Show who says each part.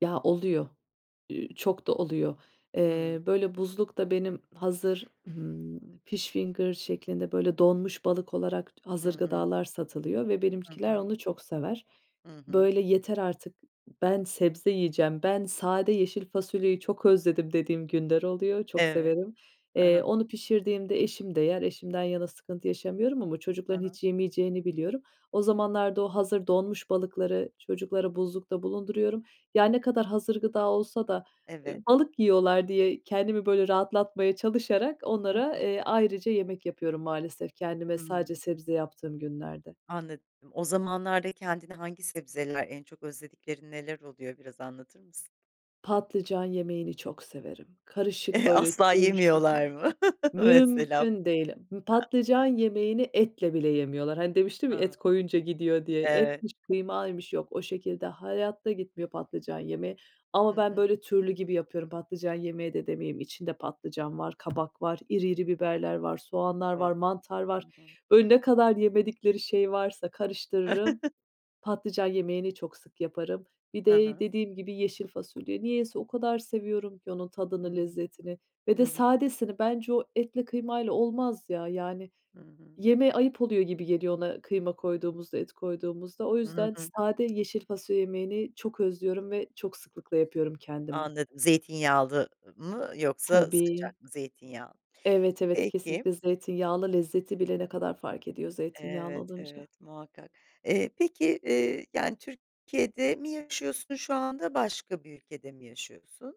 Speaker 1: Ya, oluyor, ü çok da oluyor.
Speaker 2: Hıı.
Speaker 1: Eee, böyle, buzlukta benim hazır, ımm, fish finger şeklinde, böyle, donmuş balık olarak t
Speaker 2: Hı
Speaker 1: hazır
Speaker 2: hı.
Speaker 1: gıdalar satılıyor ve
Speaker 2: Hı
Speaker 1: benimkiler
Speaker 2: hı.
Speaker 1: onu çok sever.
Speaker 2: Hı hı.
Speaker 1: Böyle, "Yeter artık, ben sebze yiyeceğim, ben sade yeşil fasulyeyi çok özledim." dediğim günler oluyor, çok
Speaker 2: Evet.
Speaker 1: severim.
Speaker 2: He
Speaker 1: Eee,
Speaker 2: he.
Speaker 1: onu pişirdiğimde eşim de yer, eşimden yana sıkıntı yaşamıyorum ama
Speaker 2: Hı
Speaker 1: çocukların
Speaker 2: hı.
Speaker 1: hiç yemeyeceğini biliyorum. O zamanlarda, o hazır donmuş balıkları çocuklara buzlukta bulunduruyorum. Ya, ne kadar hazır gıda olsa da, eee,
Speaker 2: Evet.
Speaker 1: balık yiyorlar diye kendimi böyle rahatlatmaya çalışarak
Speaker 2: Hı
Speaker 1: onlara,
Speaker 2: hı.
Speaker 1: eee, ayrıca yemek yapıyorum maalesef, kendime sadece
Speaker 2: Hıı.
Speaker 1: sebze yaptığım günlerde.
Speaker 2: Anladım. O zamanlarda kendine hangi sebzeler en çok özlediklerin neler oluyor biraz anlatır mısın?
Speaker 1: Patlıcan yemeğini çok severim, karışık,
Speaker 2: Eh,
Speaker 1: böyle,
Speaker 2: asla
Speaker 1: türlü şeklinde.
Speaker 2: yemiyorlar mı mesela?
Speaker 1: Mümküne değil. Patlıcan yemeğini etle bile yemiyorlar. Hani, demiştim ya,
Speaker 2: Iıı,
Speaker 1: et koyunca gidiyor diye,
Speaker 2: evet.
Speaker 1: etmiş, kıymaymış, yok, o şekilde hayatta gitmiyor patlıcan yemeği
Speaker 2: Hı
Speaker 1: ama ben,
Speaker 2: hı.
Speaker 1: böyle, türlü gibi yapıyorum. Patlıcan yemeği de demeyeyim, içinde patlıcan var, kabak var, iri iri biberler var, soğanlar var,
Speaker 2: A.
Speaker 1: mantar
Speaker 2: Hı
Speaker 1: var.
Speaker 2: hı.
Speaker 1: Önüne kadar yemedikleri şey varsa karıştırırım. Patlıcan yemeğini çok sık yaparım. Bir
Speaker 2: Hı
Speaker 1: de
Speaker 2: hı.
Speaker 1: dediğim gibi yeşil fasulye. Niyeyse, o kadar seviyorum ki onun tadını,
Speaker 2: Iıı,
Speaker 1: lezzetini ve
Speaker 2: hı
Speaker 1: de
Speaker 2: hı.
Speaker 1: sadesini. Bence o etle, kıymayla olmaz ya, yani,
Speaker 2: Hı hı.
Speaker 1: yemeğe ayıp oluyor gibi geliyor ona kıyma koyduğumuzda, et koyduğumuzda. O
Speaker 2: Hı
Speaker 1: yüzden
Speaker 2: hı.
Speaker 1: sade yeşil fasulye yemeğini çok özlüyorum ve çok sıklıkla yapıyorum kendime.
Speaker 2: Anladım. Zeytinyağlı, ı mı yoksa
Speaker 1: Tabii.
Speaker 2: sıcak mı zeytinyağı?
Speaker 1: Evet, evet.
Speaker 2: Peki.
Speaker 1: Kesinlikle zeytinyağlı. Lezzeti bile ne kadar fark ediyor zeytinyağlı
Speaker 2: Evet,
Speaker 1: olunca.
Speaker 2: evet, muhakkak. Eee, peki, eee, yani, Türkiye'de mi yaşıyorsun şu anda başka bir ülkede mi yaşıyorsun?